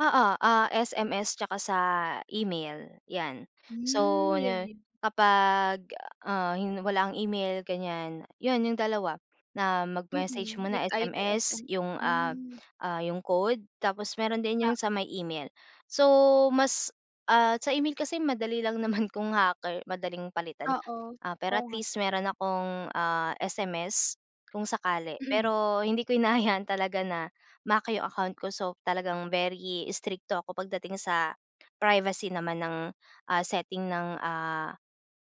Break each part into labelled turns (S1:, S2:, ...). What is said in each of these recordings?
S1: Oo, ah, SMS tsaka sa email, 'yan.
S2: Mm,
S1: So
S2: yun
S1: 'no,
S2: yun.
S1: kapag, ah, hi walang email ganyan, yun yung dalawa, na mag-message
S2: Mm,
S1: muna
S2: it's either
S1: SMS
S2: SMS,
S1: yung, ah,
S2: mm.
S1: ah yung code, tapos meron din yung
S2: Oo.
S1: sa may email. So mas, ah, sa email kasi madali lang naman kung hacker, madaling palitan.
S2: Oo.
S1: Ah, pero
S2: Oo
S1: at
S2: nga.
S1: least meron akong, ah, SMS, kung sakali.
S2: Mm.
S1: Pero hindi ko hinahayaan talaga na ma-hack 'yung account ko. So, talagang very strikto ako pagdating sa privacy naman ng, ah, setting ng, ah,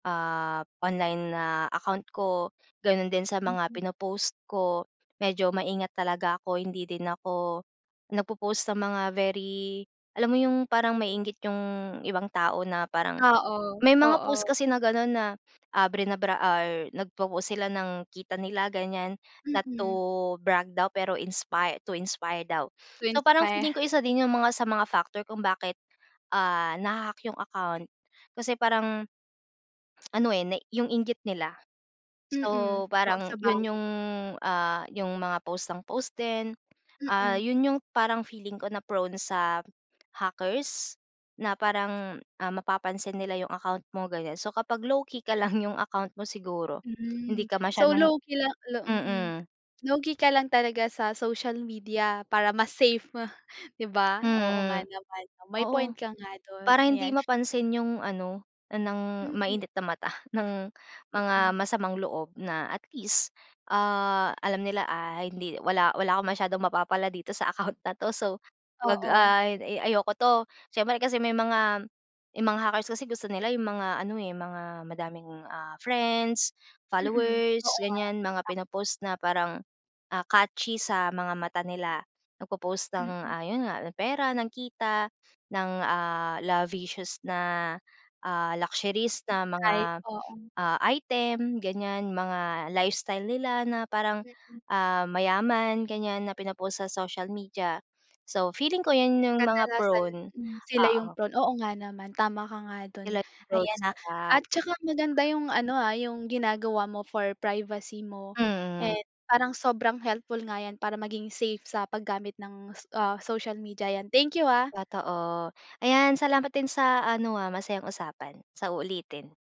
S1: ah online na account ko, gano'n din sa mga
S2: Mm.
S1: pinopost ko, medyo maingat talaga ako. Hindi din ako, nagpo-post ng mga very alam mo 'yung parang maiinggit yung ibang tao na parang
S2: Oo.
S1: may mga post
S2: Oo.
S1: kasi na gano'n na ah, brinabra or nag popost sila ng kita nila ganyan, not to
S2: Mm.
S1: brag daw pero inspire to inspire daw.
S2: To
S1: So parang
S2: inspire.
S1: feeling ko isa din 'yun mga, sa mga factor kung bakit, ah, naha-hack yung account. Kasi parang ano, eh, na yung inggit nila.
S2: Mm.
S1: So,
S2: Oo
S1: parang yun
S2: sabagay.
S1: yung, ah, 'yung mga post ng post din. Ah,
S2: Mm.
S1: 'yun 'yung parang feeling ko na prone sa hackers, na parang, ah, mapapansin nila 'yung account mo, ganyan. So kapag low-key ka lang yung account mo siguro hindi
S2: Hmm.
S1: ka
S2: So,
S1: masyadong
S2: low-key lang, lo mm,
S1: mm.
S2: low-key ka lang talaga sa social media para mas safe, 'di ba? oo nga
S1: Mm.
S2: naman, may point
S1: Oo.
S2: ka nga dun,
S1: Para hindi
S2: ayan.
S1: mapansin 'yung ano, ng
S2: Mm.
S1: mainit na mata, ng
S2: Mm.
S1: mga masamang loob na at least, ah, alam nila, "Ah hindi, wala-wala akong masyadong mapapala dito sa account na to, so 'wag,
S2: Oo.
S1: ah, a-ayoko to." Siyempre kasi may mga 'yung mga hackers kasi gusto nila 'yung mga ano, eh, mga madaming ah friends,
S2: Mm.
S1: followers,
S2: Oo nga
S1: ganyan, mga
S2: tama.
S1: pinopost na parang, ah, catchy sa mga mata nila, nagpo-post ng,
S2: Mm.
S1: ah, 'yun nga ng pera, ng kita, ng, ah, lavicious na, ah, luxuries na mga,
S2: [unintelligible] Oo.
S1: ah, item ganyan, mga lifestyle nila na parang,
S2: Mm.
S1: ah, mayaman, ganyan na pinpost sa social media. So, feeling ko 'yan 'yung mga
S2: Kadalasan
S1: prone.
S2: mm, sila yung
S1: Oo.
S2: prone. Oo nga naman tama ka nga do'n,
S1: Sila yung prone
S2: ayan,
S1: sa
S2: ah.
S1: hack.
S2: At saka maganda yung ano, ah, yung ginagawa mo for privacy mo,
S1: Mm.
S2: and parang sobrang helpful nga 'yan para maging safe sa paggamit ng ah social media 'yan. Thank you, ah.
S1: Totoo. Ayan salamat din sa ano, ah, masayang usapan. Sa uulitin.